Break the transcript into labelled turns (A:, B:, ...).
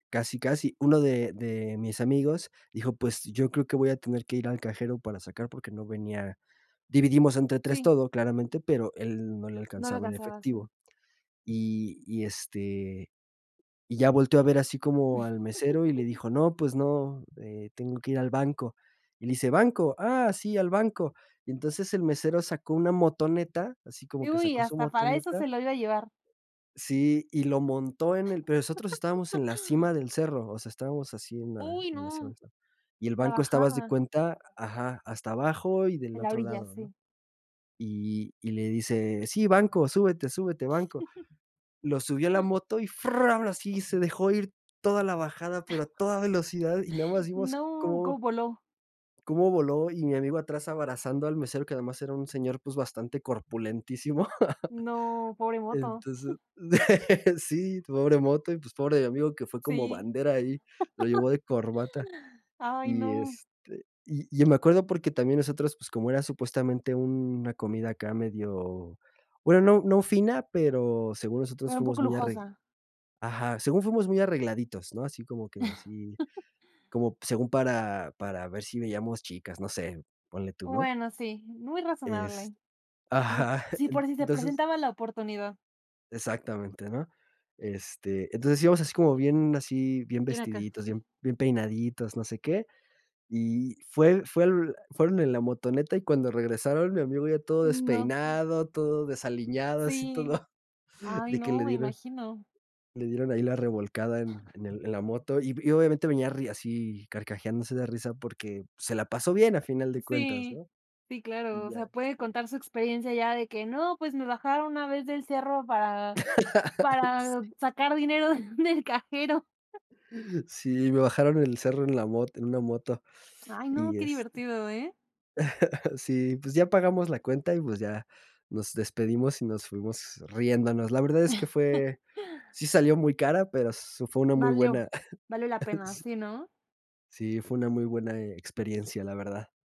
A: Casi, casi, uno de de mis amigos dijo: "Pues yo creo que voy a tener que ir al cajero para sacar", porque no venía dividimos entre 3
B: Sí.
A: todo, claramente, pero él no le
B: No le
A: alcanzaba en
B: alcanzaba, sí.
A: efectivo. Y y, este, y ya volteó a ver así como al mesero y le dijo: "No, pues no, eh, tengo que ir al banco". Y le dice: "Banco, ah, sí, al banco". Y entonces el mesero sacó una motoneta, así como
B: Y
A: que
B: uy,
A: sacó su
B: hasta para eso
A: motoneta
B: se lo iba a llevar.
A: sí, y lo montó en el pero nosotros estábamos en la cima del cerro, o sea, estábamos así, en la
B: Uy
A: en la cima
B: no,
A: del cerro. Y el
B: la
A: banco estaba, haz de
B: bajada.
A: cuenta ajá, hasta abajo y del
B: En la
A: otro
B: orilla,
A: lado, ¿no?
B: sí.
A: Y y le dice: "Sí, banco, súbete, súbete, banco." Lo subió a la moto y fram, y así, se dejó ir toda la bajada, pero a toda velocidad, y nada más vimos
B: No, ¿cómo
A: cómo
B: voló?
A: cómo voló, y mi amigo atrás, abrazando al mesero, que además era un señor, pues, bastante corpulentísimo.
B: No, pobre moto.
A: Entonces sí, pobre moto y, pues, pobre mi amigo, que fue como
B: Sí.
A: bandera ahí, lo llevó de corbata.
B: Ay,
A: Y,
B: no.
A: este, y y yo me acuerdo porque también nosotros, pues, como era supuestamente una comida acá medio, bueno, no no fina, pero según nosotros
B: Era un
A: fuimos
B: poco
A: muy arreg
B: lujosa.
A: ajá, según fuimos muy arregladitos, ¿no? Así como que así, como según para para ver si veíamos chicas, no sé, ponle tú, ¿no?
B: Bueno, sí, muy
A: Es
B: razonable. Bueno,
A: ajá,
B: sí, por si se
A: entonces
B: presentaba la oportunidad.
A: Exactamente, ¿no? Este, entonces íbamos así, como bien así, bien
B: Viene acá.
A: vestiditos, bien bien peinaditos, no sé qué. Y fue fue l fueron en la motoneta, y cuando regresaron, mi amigo ya todo
B: Mm, no.
A: despeinado, todo desaliñado, así,
B: Sí.
A: todo
B: Ay
A: de que
B: no,
A: le
B: me
A: dieron
B: imagino.
A: le dieron ahí la revolcada en en el en la moto, y y obviamente venía ri así carcajeándose de risa porque se la pasó bien a final de cuentas,
B: Sí.
A: ¿no?
B: Sí, claro,
A: Y
B: o
A: ya,
B: sea, puede
A: este
B: contar su experiencia ya de que: "No, pues, me bajaron una vez del cerro para para
A: Sí.
B: sacar dinero del cajero".
A: Sí, me bajaron el cerro en la mot en una moto,
B: Ay no,
A: y
B: qué
A: es
B: divertido, ¿eh?
A: sí. Pues, ya pagamos la cuenta y, pues, ya nos despedimos y nos fuimos riéndonos. La verdad es que fue sí salió muy cara, pero, s fue una muy buena
B: Valió, valió, la pena, sí, ¿no?
A: sí, fue una muy buena, eh, experiencia, la verdad.